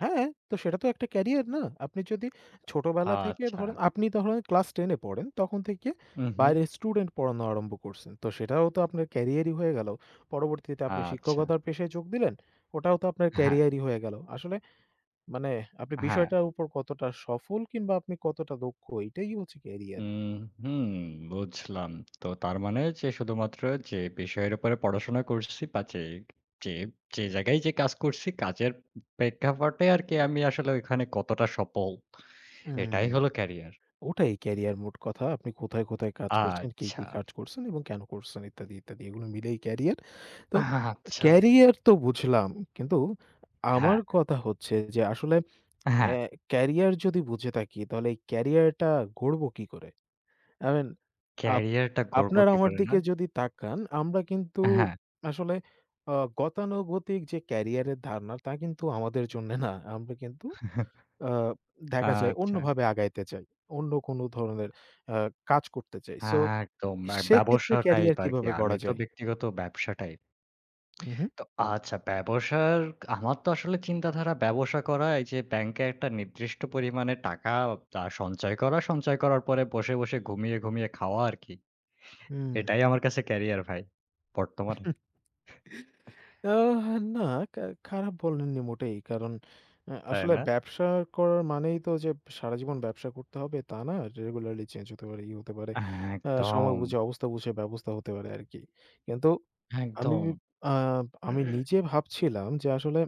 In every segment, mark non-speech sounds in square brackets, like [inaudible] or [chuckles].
হ্যাঁ। তো সেটা তো একটা ক্যারিয়ার, না? আপনি যদি ছোটবেলা থেকে আচ্ছা। ধরেন, আপনি ধরেন ক্লাস ১০ এ পড়েন, তখন থেকে হুম, হুম। বাইরে স্টুডেন্ট পড়ানো আরম্ভ করছেন। তো সেটাও তো আপনার ক্যারিয়ারই হয়ে গেল। পরবর্তীতে, আপনি আচ্ছা। শিক্ষকতার পেশায় যোগ দিলেন। ওটাও তো, আপনার হ্যাঁ। ক্যারিয়ারই হয়ে গেল। আসলে, মানে আপনি হ্যাঁ। বিষয়টার উপর কতটা সফল কিংবা আপনি কতটা দক্ষ, এটাই হচ্ছে উ কেরিয়ার। হুম। বুঝলাম। তো, তার মানে যে, শুধুমাত্র যে, বিষয়ের উপরে পড়াশোনা করছি, বা যে, যে, যে, জায়গায় যে, কাজ করছি, কাজের প্রেক্ষাপটে আর কি আমি আসলে ওখানে কতটা সফল। হুম। এটাই হলো ক্যারিয়ার। ওটাই ক্যারিয়ার, মোট কথা। আপনি কোথায়, কোথায় কাজ করছেন, কি, কি, আচ্ছা। কাজ করছেন এবং কেন করছেন, ইত্যাদি, ইত্যাদি। এগুলো মিলেই ক্যারিয়ার। তো, আচ্ছা। ক্যারিয়ার তো বুঝলাম। কিন্তু আমার হ্যাঁ। কথা হচ্ছে যে, আসলে হ্যাঁ। এ্যা কেরিয়ার যদি বুঝে থাকি, তাহলে ক্যারিয়ারটা গড়ব কী করে? আই মিন, আপ ক্যারিয়ারটা গড়বো আপনারা কি আমার করে, না? দিকে যদি তাকান, আমরা কিন্তু হ্যাঁ। আসলে, আ গতানুগতিক যে, কেরিয়ারের ধারণা, তা কিন্তু আমাদের জন্যে না আমরা কিন্তু আ [chuckles] দেখা যায়, আচ্ছা। অন্যভাবে আগাইতে চাই। অন্য কোন ধরনের আ কাজ করতে চাই। সো, একদম। সেক্ষেত্রে, ব্যবসা টাইপ ক্যারিয়ার আর কি। কিভাবে আমি গড়া তো যায়? ব্যক্তিগত ব্যবসাটাই। হু, হুম। [lip trill] তো আচ্ছা, ব্যবসার, আমার তো আসলে চিন্তাধারা, ব্যবসা করা এই যে, ব্যাংকে একটা নির্দিষ্ট পরিমাণে টাকা, তা সঞ্চয় করা, সঞ্চয় করার পরে বসে, বসে, ঘুমিয়ে, ঘুমিয়ে, খাওয়া আর কি। হুম। এটাই আমার কাছে ক্যারিয়ার ভাই। বর্তমানে। [chuckles] [chuckles] আহ না কা খা খারাপ বলেননি মোটেই। কারণ, আ তাই আসলে না? ব্যবসা করার মানেই তো যে, সারাজীবন ব্যবসা করতে হবে, তা না। রেগুলারলি চেঞ্জ হতে পারে, ই হতে পারে, আ সময় একদম। বুঝে, অবস্থা বুঝে, ব্যবস্থা হতে পারে, আরকি। কিন্তু আমি, একদম। আ আমি নিজে ভাবছিলাম যে, আসলে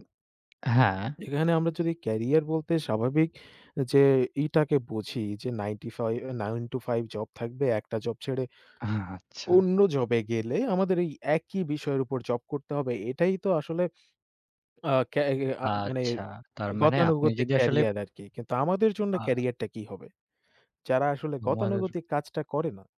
হ্যাঁ। এখানে আমরা যদি ক্যারিয়ার বলতে, স্বাভাবিক যে, ই টাকে বুঝি যে, নাইনটিফাইভ ৯টা-৫টা জব থাকবে। একটা জব ছেড়ে, আ আচ্ছা। অন্য জবে গেলে, আমাদের এই একই বিষয়ের উপর জব করতে হবে। এটাই তো আসলে, আ ক্যা হি আ মানে আচ্ছা। তার মানে, আপনি গতানুগতিক যদি আসলে ক্যারিয়ার আরকি। কিন্তু, আমাদের জন্য আ ক্যারিয়ার টা কি হবে? যারা আসলে, [unintelligible] গতানুগতিক কাজটা করে না।